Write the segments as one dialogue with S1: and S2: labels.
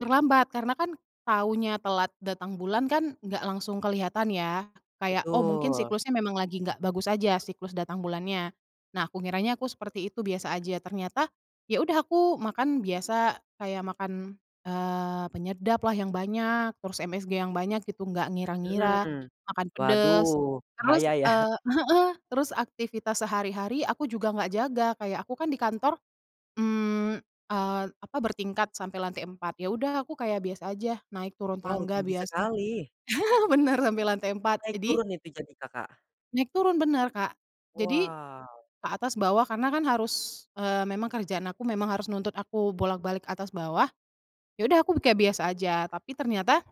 S1: Terlambat karena kan taunya telat datang bulan kan nggak langsung kelihatan ya kayak, oh, mungkin
S2: Betul.
S1: siklusnya memang lagi nggak bagus aja siklus datang bulannya. Nah, aku ngiranya aku seperti itu biasa aja, ternyata ya udah aku makan biasa kayak makan, eee, penyedaplah yang banyak, terus MSG yang banyak gitu nggak ngira-ngira,
S2: Mhm,
S1: makan pedes
S2: waduh,
S1: terus,
S2: bahaya ya?
S1: eee heeh, terus aktivitas sehari-hari aku juga nggak jaga kayak aku kan di kantor, mmm, eee, apa bertingkat sampai lantai 4 ya udah aku kayak biasa aja naik turun
S2: Wow,
S1: tangga
S2: tinggi
S1: biasa.
S2: sekali.
S1: Bener, sampai lantai 4.
S2: Naik
S1: Jadi
S2: turun itu jadi Kakak?
S1: Naik turun, bener Kak. Jadi
S2: Wow.
S1: ke atas bawah karena kan harus, eee, memang kerjaan aku memang harus nuntut aku bolak-balik atas bawah, ya udah aku kayak biasa aja tapi ternyata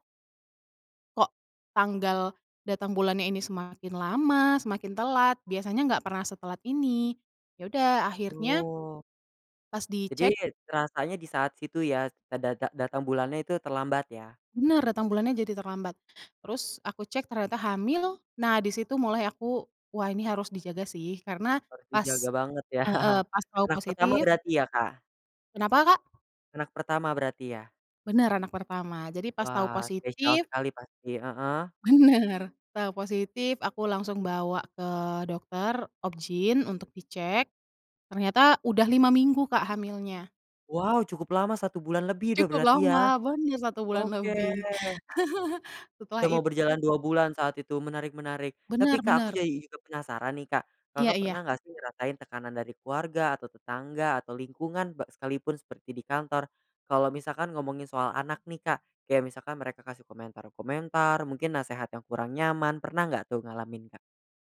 S1: kok tanggal datang bulannya ini semakin lama, semakin telat biasanya enggak pernah setelat ini. Ya udah akhirnya
S2: Oh.
S1: pas
S2: Jadi,
S1: dicek
S2: terasanya di saat situ ya, eee, data datang bulannya itu terlambat ya?
S1: Bener, datang bulannya jadi terlambat. Terus aku cek ternyata hamil. Nah, di situ mulai aku, wah, ini harus dijaga sih karena
S2: Harus
S1: pas
S2: dijaga banget ya.
S1: heeh, pas tau
S2: Anak pertama
S1: positif
S2: berarti ya Kak?
S1: Kenapa Kak?
S2: Anak pertama berarti ya?
S1: Bener, anak pertama. Jadi pas tahu
S2: Wah, spesial
S1: positif
S2: sekali pasti heeh.
S1: Bener, tau positif aku langsung bawa ke dokter obgyn untuk dicek, ternyata udah 5 minggu Kak hamilnya.
S2: Wow, cukup lama 1 bulan lebih udah
S1: Cukup
S2: berarti ya?
S1: lama, bon ya 1 bulan
S2: Oke.
S1: lebih. Setelah
S2: Udah mau
S1: itu
S2: berjalan 2 bulan saat itu, menarik menarik. Tapi
S1: Bener
S2: Kak aku
S1: bener.
S2: jadi juga penasaran nih Kak,
S1: Iya
S2: Kakak pernah
S1: iya.
S2: nggak sih ngerasain tekanan dari keluarga atau tetangga atau lingkungan be sekalipun seperti di kantor, kalau misalkan ngomongin soal anak nih Kak kayak misalkan mereka kasih komentar-komentar mungkin nasehat yang kurang nyaman pernah nggak tuh ngalamin Kak?